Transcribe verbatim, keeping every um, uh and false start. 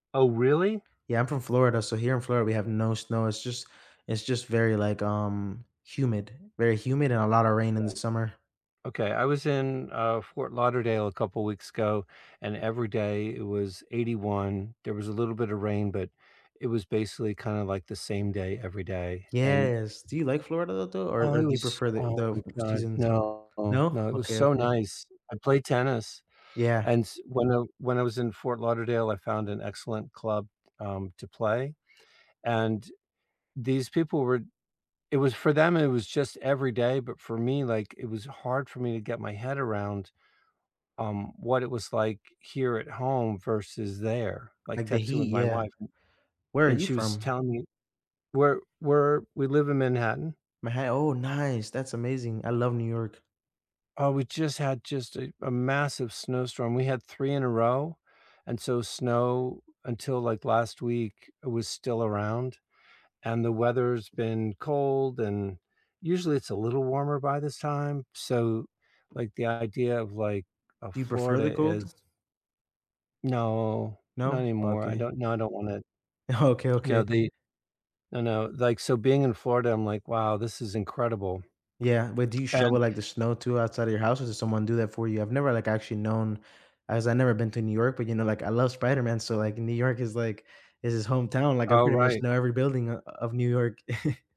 Oh, really? Yeah, I'm from Florida, so here in Florida, we have no snow, it's just it's just very like, um, humid, very humid and a lotta rain in the Okay. summer. Okay, I was in, uh, Fort Lauderdale a couple weeks ago, and every day it was eighty-one, there was a little bit of rain, but it was basically kinda like the same day every day, and Yes, do you like Florida though, or Oh, or it do you was prefer the Oh the my god, seasons no, No? no, it was Okay, so okay. nice. I played tennis, Yeah. and s when I when I was in Fort Lauderdale, I found an excellent club, um, to play, and these people were it was for them it was just every day, but for me, like, it was hard for me to get my head around, um, what it was like here at home versus there, like Like the texting with heat, my yeah. wife Where are and you she was from? telling me Where where we live in Manhattan. Maha Oh, nice, that's amazing. I love New York. Oh, we just had just a a massive snowstorm, we had three in a row, and so snow, until like last week, it was still around, and the weather's been cold and usually it's a little warmer by this time, so, like, the idea of like, uh, Do you prefer Florida the cold? is No, not No? anymore. I Okay. don't no, I don't want it. Okay, No, okay. the No, no, like, so being in Florida, I'm like, "Wow, this is incredible." Yeah, but do you shovel, And like, the snow to outside of your house or does someone do that for you? I've never like actually known, as I never been to New York, but, you know, like, I love Spider-Man, so, like, New York is, like is his hometown, like, I Oh, pretty much right. know every building o of New York.